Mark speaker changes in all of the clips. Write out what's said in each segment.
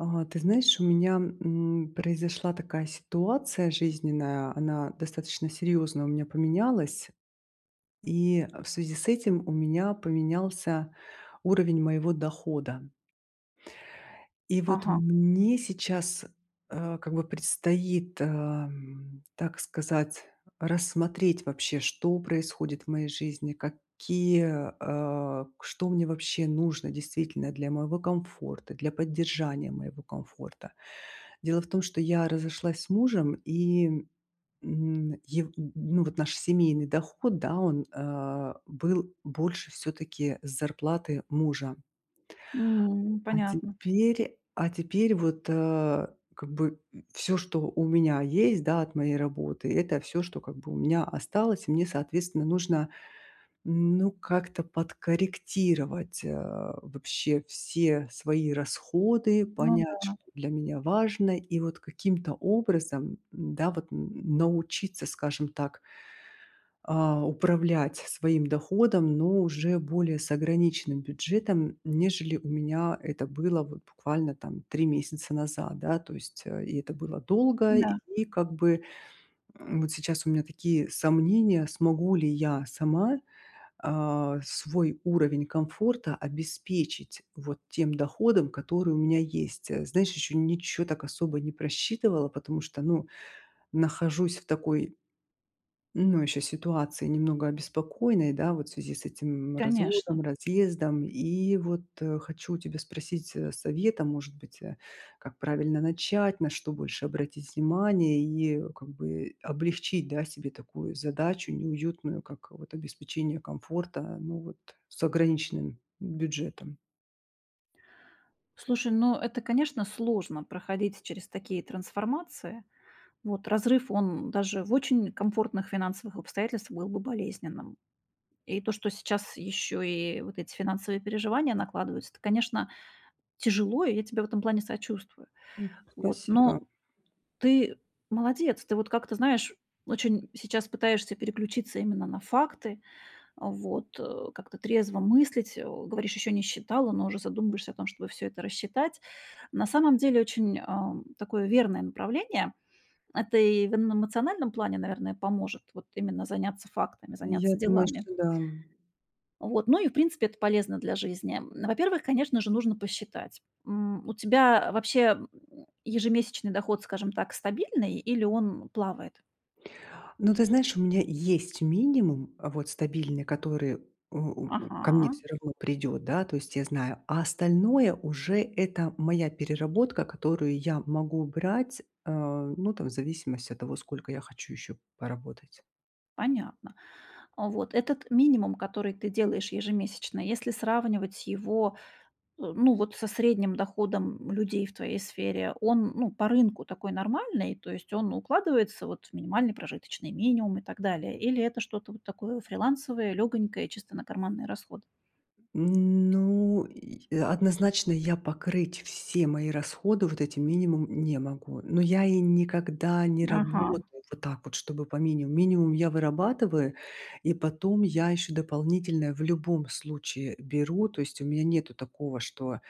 Speaker 1: А. Ты знаешь, у меня, м, произошла такая ситуация жизненная. Она достаточно серьезно у меня поменялась. И, э, в связи с этим у меня поменялся уровень моего дохода. И, вот,
Speaker 2: Ага.
Speaker 1: мне сейчас, э, как бы предстоит, эм, так сказать, рассмотреть вообще, что происходит в моей жизни. Какие, э, к что мне вообще нужно, действительно, для моего комфорта, для поддержания моего комфорта. Дело в том, что я разошлась с мужем и. Му, ев м, м, ну, вот, наш семейный доход, да, он, э, был больше, всё-таки, с зарплаты мужа.
Speaker 2: М.
Speaker 1: А
Speaker 2: Понятно.
Speaker 1: теперь, а теперь, вот, э, как бы, м, всё, что у меня есть, да, от моей работы, это всё, что как бы у меня осталось. И мне соответственно нужно, м, ну как-то подкорректировать, э, вообще все свои расходы,
Speaker 2: Ну
Speaker 1: понять,
Speaker 2: да.
Speaker 1: что для меня важно. И, вот, каким-то образом, м, да, вот, м, м, научиться, скажем так а, управлять своим доходом, но уже более с ограниченным бюджетом, м, нежели у меня это было, вот, буквально там 3 месяца назад, да, то есть. Э, и это было долго,
Speaker 2: М-да.
Speaker 1: и как бы, м, вот сейчас у меня такие сомнения, смогу ли я сама, а, свой уровень комфорта обеспечить вот тем доходом, который у меня есть. Знаешь, еще ничего, так особо, не просчитывала, потому что, ну, нахожусь в такой, ну еще ситуации немного обеспокоенной, да, вот в связи с этим, м,
Speaker 2: Конечно.
Speaker 1: разводом, разъездом. И, вот, э, хочу у тебя спросить, э, совета, может быть, э. Как правильно начать, на что больше обратить внимание? И, как бы, облегчить, да, себе такую задачу неуютную, как, вот, обеспечение комфорта, но, вот, с ограниченным бюджетом.
Speaker 2: Слушай, ну это, конечно, сложно проходить через такие трансформации. Вот, разрыв, он даже в очень комфортных финансовых обстоятельствах был бы болезненным. И то, что сейчас ещё и вот эти финансовые переживания накладываются, это, конечно, тяжело, и я тебе в этом плане сочувствую.
Speaker 1: М,
Speaker 2: Вот,
Speaker 1: спасибо.
Speaker 2: но ты молодец, ты вот как-то, знаешь, очень сейчас пытаешься переключиться именно на факты, вот, э, как-то трезво мыслить. Э, говоришь, ещё не считала, но уже задумываешься о том, чтобы всё это рассчитать. На самом деле очень, а, такое верное направление. Это и в н эмоциональном плане, наверное, поможет вот именно заняться фактами,
Speaker 1: Я
Speaker 2: заняться
Speaker 1: думаю,
Speaker 2: делами.
Speaker 1: что да.
Speaker 2: Вот, ну и в принципе это полезно для жизни. Во-первых, конечно же, нужно посчитать, м, у тебя вообще ежемесячный доход, скажем так, стабильный, или он плавает?
Speaker 1: Ну ты знаешь, у меня есть минимум, э, вот стабильный, который, у у ко мне
Speaker 2: Ага.
Speaker 1: всё равно придет, да, то есть я знаю, а остальное уже это моя переработка, которую я могу брать, а, ну, там, в зависимости от того, сколько я хочу еще поработать.
Speaker 2: Понятно. Вот этот минимум, который ты делаешь ежемесячно, если сравнивать его т ну, вот, со средним доходом людей в твоей сфере, он ну по рынку такой нормальный, то есть он укладывается, вот, в минимальный прожиточный минимум и так далее? Или это что-то вот такое фрилансовое, лёгонькое, чисто на карманные расходы?
Speaker 1: Ну и однозначно я покрыть все мои расходы вот этим минимумом не могу. Но я и никогда не
Speaker 2: Ага.
Speaker 1: работаю вот так вот, чтобы по минимуму. Минимум я вырабатываю и потом я ещё дополнительно в любом случае беру, то есть у меня нету такого, что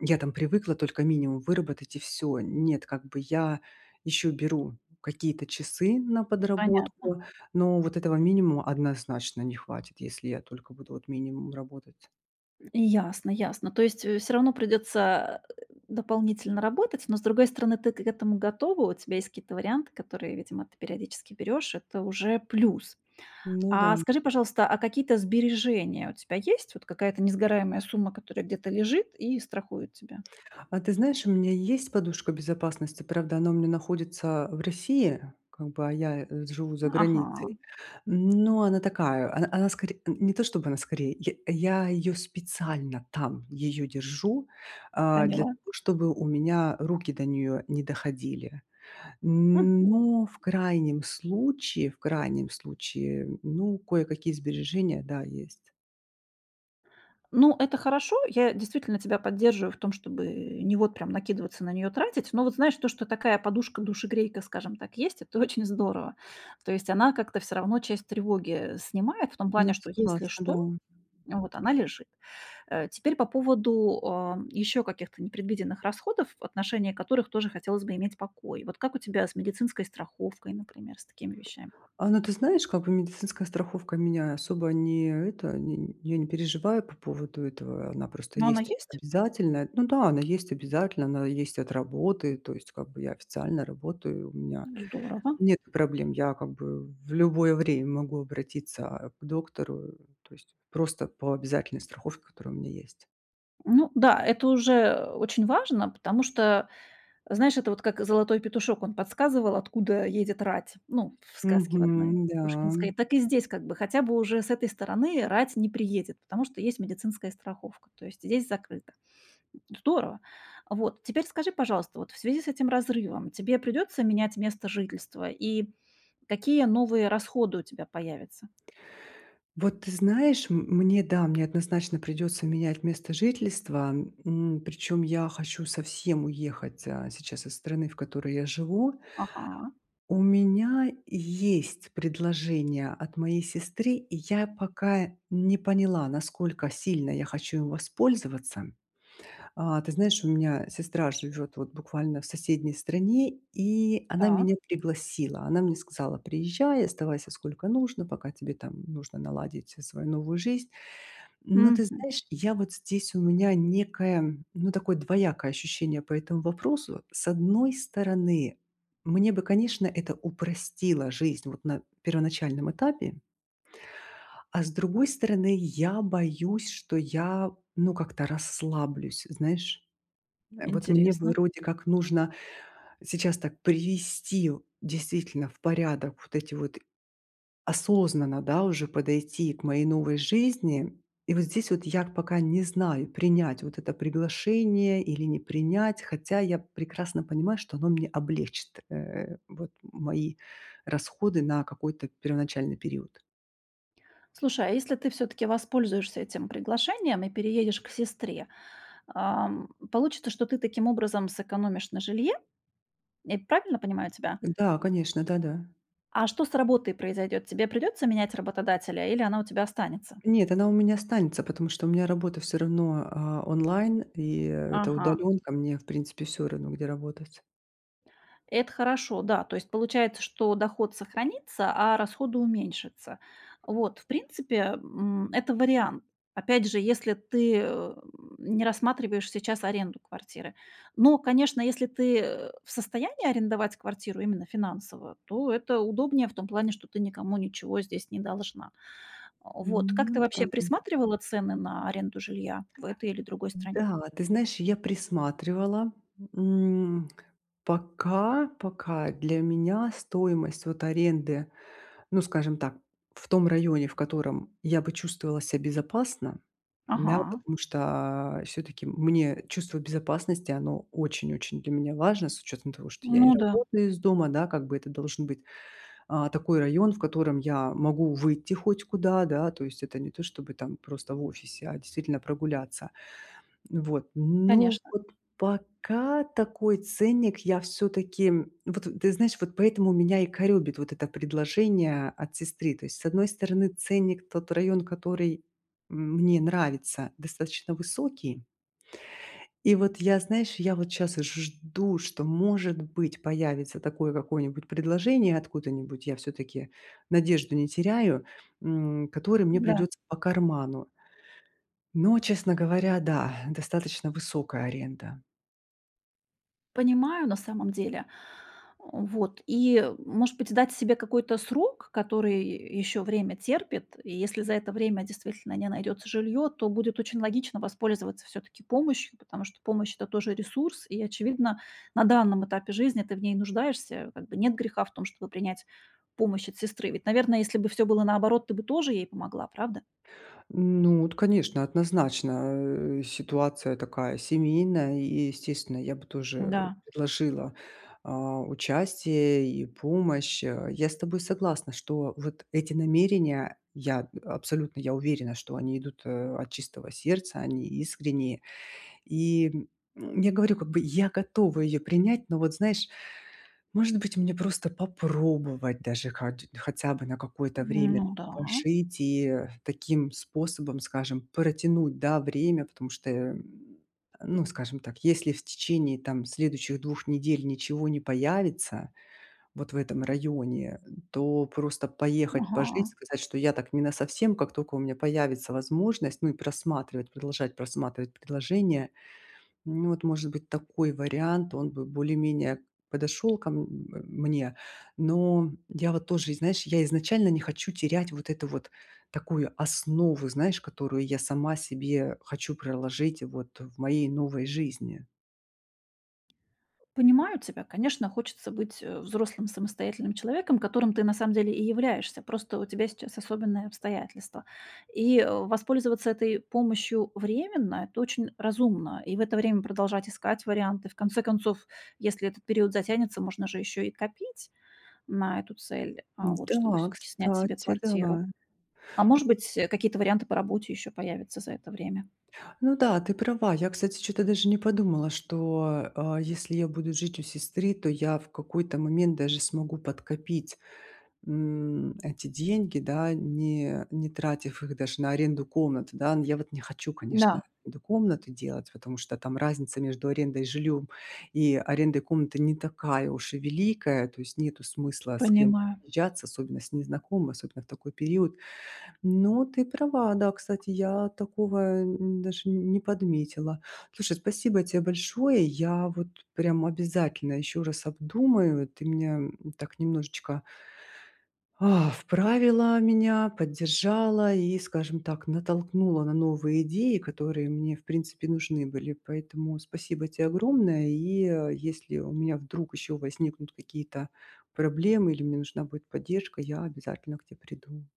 Speaker 1: я там привыкла только минимум выработать и всё. Нет, как бы я ещё беру какие-то часы на
Speaker 2: Понятно.
Speaker 1: подработку, но вот этого минимума однозначно не хватит, если я только буду вот минимум работать.
Speaker 2: Ясно, ясно. То есть, э, всё равно придётся дополнительно работать, но, с другой стороны, ты к этому готова. У тебя есть какие-то варианты, которые, видимо, ты периодически берёшь. Это уже плюс.
Speaker 1: Ну
Speaker 2: А
Speaker 1: да.
Speaker 2: скажи, пожалуйста, а какие-то сбережения у тебя есть? Вот какая-то несгораемая сумма, которая где-то лежит и страхует тебя?
Speaker 1: А ты знаешь, у меня есть подушка безопасности, правда она у меня находится в России, как бы, а я живу за границей.
Speaker 2: Ага.
Speaker 1: Но она такая, она она скоре не то, чтобы она скорее, я я её специально там её держу, а, для
Speaker 2: Поняла.
Speaker 1: того, чтобы у меня руки до неё не доходили.
Speaker 2: Мгм.
Speaker 1: Но в крайнем случае, в крайнем случае, ну, кое-какие сбережения, да, есть.
Speaker 2: Ну, это хорошо. Я действительно тебя поддерживаю в том, чтобы не, вот, прям накидываться на неё, тратить. Но вот знаешь, то, что такая подушка-душегрейка, скажем так, есть- это очень здорово. То есть она как-то всё равно часть тревоги, э, снимает в том
Speaker 1: Ну я
Speaker 2: плане, что если
Speaker 1: согласна, да.
Speaker 2: что, вот, она лежит. Э, теперь по поводу, ам, ещё каких-то непредвиденных расходов, в отношении которых тоже хотелось бы иметь покой. Вот, как у тебя с медицинской страховкой, например, с такими вещами?
Speaker 1: А ну ты знаешь, как бы медицинская страховка меня особо не это, нень я не переживаю по поводу этого. Она просто
Speaker 2: Ну, она
Speaker 1: есть
Speaker 2: есть?
Speaker 1: обязательная. Ну да, она есть обязательная, она есть и от работы, то есть, как бы, я официально работаю, и у меня,
Speaker 2: М, здорово.
Speaker 1: нету проблем. Я, как бы, в любое время могу обратиться, а, к доктору, то есть просто по обязательной страховке, которая у меня есть.
Speaker 2: Ну да, это уже, а, очень важно, потому что. Знаешь, это, вот, как Золотой Петушок, он подсказывал, откуда едет рать, ну, в сказке в одной
Speaker 1: Мгм, да,
Speaker 2: Пушкинской.
Speaker 1: м.
Speaker 2: Так и здесь, как бы, хотя бы уже с этой стороны рать не приедет, потому что есть медицинская страховка. То есть здесь закрыто. Здорово. Вот. Теперь скажи, пожалуйста, вот, в связи с этим разрывом, тебе придётся менять место жительства, и какие новые расходы у тебя появятся?
Speaker 1: Вот ты знаешь, м, мне, да, мне однозначно придется менять место жительства. М, причем я хочу совсем уехать, а, сейчас из страны, в которой я живу.
Speaker 2: Ага.
Speaker 1: У меня есть предложение от моей сестры. И я пока не поняла, насколько сильно я хочу им воспользоваться. А, ты знаешь, у меня сестра живет, вот, буквально в соседней стране, и она меня
Speaker 2: Так.
Speaker 1: пригласила. Она мне сказала: "Приезжай, оставайся сколько нужно, пока тебе там нужно наладить, э, свою новую жизнь". М, но ты
Speaker 2: Мгм.
Speaker 1: знаешь, я, вот, здесь у меня некое, ну, такое двоякое ощущение по этому вопросу. С одной стороны, мне бы, конечно, это упростило жизнь вот на первоначальном этапе. А с другой стороны, я боюсь, что я, ну, как-то расслаблюсь. Знаешь. Э, вот мне бы,
Speaker 2: Интересно.
Speaker 1: вроде как, нужно сейчас так привести в действительно, в порядок вот эти вот осознанно, да, уже подойти к моей новой жизни. И, вот, здесь вот, я пока не знаю, принять, вот, это приглашение или не принять, хотя я прекрасно понимаю, что оно мне облегчит, э, вот, мои расходы на какой-то первоначальный период.
Speaker 2: Слушай, а если ты всё-таки воспользуешься этим приглашением и переедешь к сестре? Ам, получится, что ты, таким образом, сэкономишь на жилье? Я правильно понимаю тебя?
Speaker 1: Да, конечно, да-да.
Speaker 2: А что с работой произойдет? Тебе придется менять работодателя, или она у тебя останется?
Speaker 1: Нет, она у меня останется, потому что у меня работа всё равно, а, онлайн. И это
Speaker 2: Ага.
Speaker 1: удаленка, мне, в принципе, всё равно, где работать.
Speaker 2: Это хорошо, да, то есть получается, что доход сохранится, а расходы уменьшатся. Вот, в принципе, м, это вариант. Опять же, если ты, эм, не рассматриваешь сейчас аренду квартиры. Но, конечно, если ты, э, в состоянии арендовать квартиру именно финансово, то это удобнее в том плане, что ты никому ничего здесь не должна. А,
Speaker 1: М,
Speaker 2: вот. Как
Speaker 1: ну
Speaker 2: ты,
Speaker 1: да.
Speaker 2: вообще, присматривала цены на аренду жилья, в этой или другой стране?
Speaker 1: М-да, ты знаешь, я присматривала. М. Пока, пока для меня стоимость, вот, аренды, ну скажем так, в том районе, в котором я бы чувствовала ся безопасно. Да,
Speaker 2: Ага.
Speaker 1: потому что, а, всё-таки, мне чувство безопасности, оно очень-очень для меня важно с учетом того, что я и
Speaker 2: Ну да.
Speaker 1: работаю из дома, да, как бы. Это должен быть, а, такой район, в котором я могу выйти хоть куда, да, то есть. Это не то, чтобы, там, просто в офисе, а действительно прогуляться. М, вот. Но,
Speaker 2: Конечно.
Speaker 1: вот, пока такой ценник я, всё-таки, м. Вот, ты знаешь, вот поэтому меня и коробит вот это предложение от сестры. То есть, с одной стороны, ценник, тот район, который, м, мне нравится, достаточно высокий. И вот я, знаешь, я вот щас и жду, что, может быть, появится такое, какое-нибудь, предложение, откуда-нибудь, я всё-таки надежду не теряю, м, которое мне
Speaker 2: М-да.
Speaker 1: придется по карману. Но, честно говоря, да, достаточно высокая аренда.
Speaker 2: Понимаю, на самом деле. А, вот. И, э, может быть, дать себе какой-то срок, который ещё время терпит? И если за это время, действительно, не найдётся жильё, то будет очень логично воспользоваться, всё-таки, помощью. Потому что, помощь- это тоже ресурс, и, очевидно, на данном этапе жизни ты в ней нуждаешься. Как бы нет греха в том, чтобы принять помощь от сестры. Ведь, наверное, если бы всё было наоборот, ты бы тоже ей помогла, правда?
Speaker 1: Ну вот конечно, однозначно, э, ситуация такая семейная. И, естественно, я бы тоже, э
Speaker 2: М-да.
Speaker 1: предложила, а, участие и помощь, а. Я с тобой согласна, что вот эти намерения. Я, э, абсолютно я уверена, что они идут, э, от чистого сердца, они искренние. И, м, м, я говорю, как бы. Я готова ее принять. Но, вот, знаешь, может быть, мне просто попробовать, даже, хоть хотя бы на какое-то
Speaker 2: М,
Speaker 1: время,
Speaker 2: ну
Speaker 1: там,
Speaker 2: да.
Speaker 1: пожить. И, э, таким способом, скажем, протянуть, да, время, потому что, э. Ну, скажем так, если в течение там следующих 2 недель ничего не появится, вот, в этом районе. Э, то просто поехать пожить,
Speaker 2: Ага.
Speaker 1: сказать, что я так не насовсем, как тока у меня появится возможность, ну, и просматривать, продолжать просматривать предложения. Ну, вот, может быть, такой вариант, он бы более-менее подошел ко, м, э, мне. Но, я вот тоже, и знаешь, я изначально не хочу терять, вот эту вот, такую основу, знаешь, которую я сама себе хочу проложить, вот, э, в моей новой жизни.
Speaker 2: Понимают тебя. Конечно, хочется быть, э, взрослым, самостоятельным человеком, которым ты на самом деле и являешься, просто у тебя сейчас особенные обстоятельства. И, воспользоваться этой помощью временно- это очень разумно, э, и в это время продолжать искать варианты. В конце концов, если этот период затянется, можно же ещё и копить на эту цель, а, вот, чтобы
Speaker 1: Да,
Speaker 2: всё-таки снять себе
Speaker 1: кстати,
Speaker 2: квартиру.
Speaker 1: да.
Speaker 2: А может быть, э, какие-то варианты по работе ещё появятся за это время.
Speaker 1: Ну да, ты права. Я, кстати, чё-то даже не подумала, что, а, если я буду жить у сестры, то я в какой-то момент даже смогу подкопить, м, эти деньги, да, не не тратив их даже на аренду комнаты, да. Я вот не хочу, конечно,
Speaker 2: Да.
Speaker 1: эту комнату делать, потому что там разница между арендой и жильём, и арендой комнаты не такая уж и великая, то есть нету смысла с кем
Speaker 2: Понимаю.
Speaker 1: съезжаться, особенно с незнакомыми, особенно в такой период. Но ты права, да, кстати, я такого, э, даже не подметила. Слушай, спасибо тебе большое, я вот прям обязательно ещё раз обдумаю, ты меня, м, так немножечко а, вправила, меня поддержала и, скажем так, натолкнула на новые идеи, которые мне, в принципе, нужны были. Поэтому, спасибо тебе огромное. И, э, если у меня вдруг ещё возникнут какие-то проблемы или мне нужна будет поддержка, я обязательно к те приду.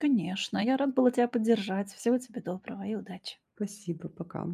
Speaker 2: Конечно, я рада была тебя поддержать. Всего доброго и удачи.
Speaker 1: Спасибо, пока.